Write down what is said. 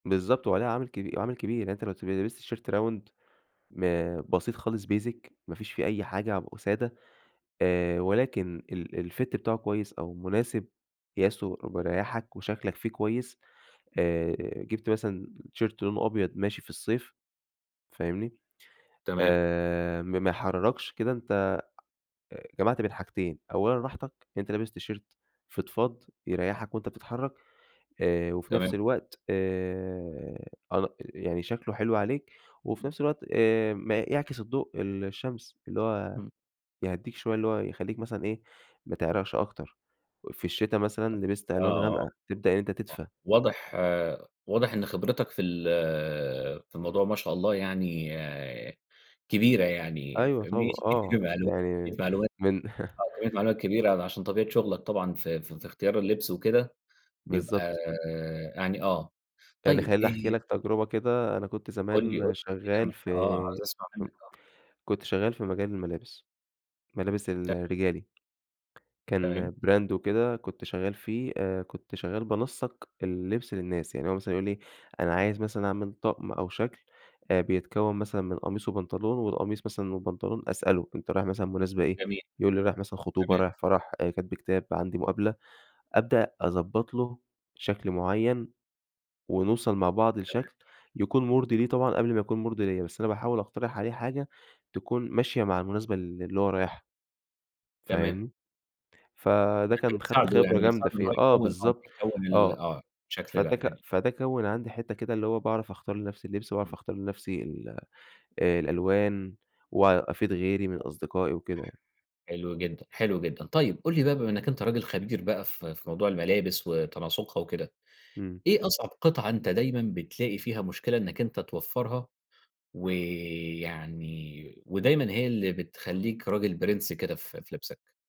بالضبط. وعليها عامل كبي عامل كبير. يعني أنت لو ت لِبست تيشرت round م بسيط خالص basic، ما فيش فيه أي حاجة ع وسادة، آآ ولكن ال الfit بتاعه كويس أو مناسب قياسه مريّحك وشكلك فيه كويس، آآ جِبت مثلًا تيشيرت لونه أبيض ماشي في الصيف فاهمني؟ تمام. آآ ما ما يحِرّركش، كده أنت أ جمعت بين حاجتين، أولًا راحتك، أنت لابس تيشيرت فِضفاض يريّحك وأنت بتتحرّك آآ وفي نفس تمام. الوقت آآ أن يعني شكله حلو عليك وفي نفس الوقت آآ م يعكس الضوء ال الشمس، اللي هو إمم. يهّديك شوية اللي هو يخلّيك مثلًا إيه، ما إمم. تعرقش أكتر. في الشتا مثلًا لِبست ألوان آه. غامقة، تبدأ أنت أ تدفى. واضح واضح إن خبرتك في ال في الموضوع ما شاء الله يعني كبيرة يعني أيوه فاهمني؟ طبعًا، آه. [unintelligible] معلومات كمّية يعني معلومات من آه. كميّة معلومات كبيرة ع عشان طبيعة شغلك طبعًا في في في اختيار اللبس وكده بيبقى بالضبط. يعني آه. يعني طيب، خلّيني أحكي آآ لك تجربة كده، أنا كنت قُل لي، قُل زمان لي شغّال [unintelligible] في آه. عايز أسمع ف منّك آه. كنت شغّال في مجال الملابس. ملابس ت الرجالي، كان تمام. brand وكده كنت شغاّل فيه آآ كنت شغّال بانسّق اللبس للناس. يعني هو مثلًا يقول لي أنا عايز مثلًا أعمل طقم أو شكل أ بيتكوّن مثلًا من قميص وبنطلون والقميص مثلًا والبنطلون أسأله، أنت رايح مثلًا مناسبة إيه؟ جميل. يقول لي رايح مثلًا خطوبة، تمام. رايح فَرَح، آآ كتب كتاب، عندي مُقابلة، أبدأ أضبّط له شكل معيّن، ونوصل مع بعض تمام. لشكل يكون مُرضي ليه طبعًا قبل ما يكون مُرضي ليّا، بس أنا باحاول أقترح عليه حاجة تكون ماشية مع المناسبة ال اللي هو رايحها. تمام. فاهمني؟ فده أنت كان خدت بتساعده، خبرة يعني جامدة بتساعده إن هو فيها، آه يكوّن آه. بالضبط، بيكوّن ال آه. آه. الشكل ده فده ك يعني فده كوّن عندي حتّه كده اللي هو باعرف أختار لنفسي اللبس، وأعرف إمم. أختار لنفسي ال الألوان، وأفيد غيري من ح أصدقائي وكده يعني. حلو جدًا، حلو جدًا. طيب، قُل لي بقى بما إنّك أنت راجل خبير بقى في في موضوع الملابس وتناسُقها وكده، إمم. إيه أصعب قِطعة أنت دايمًا بتلاقي فيها مشكلة إنّك أنت توفّرها ويعني ودايمًا هي اللي بتخلّيك راجل بِرِنس كده في في لِبسك؟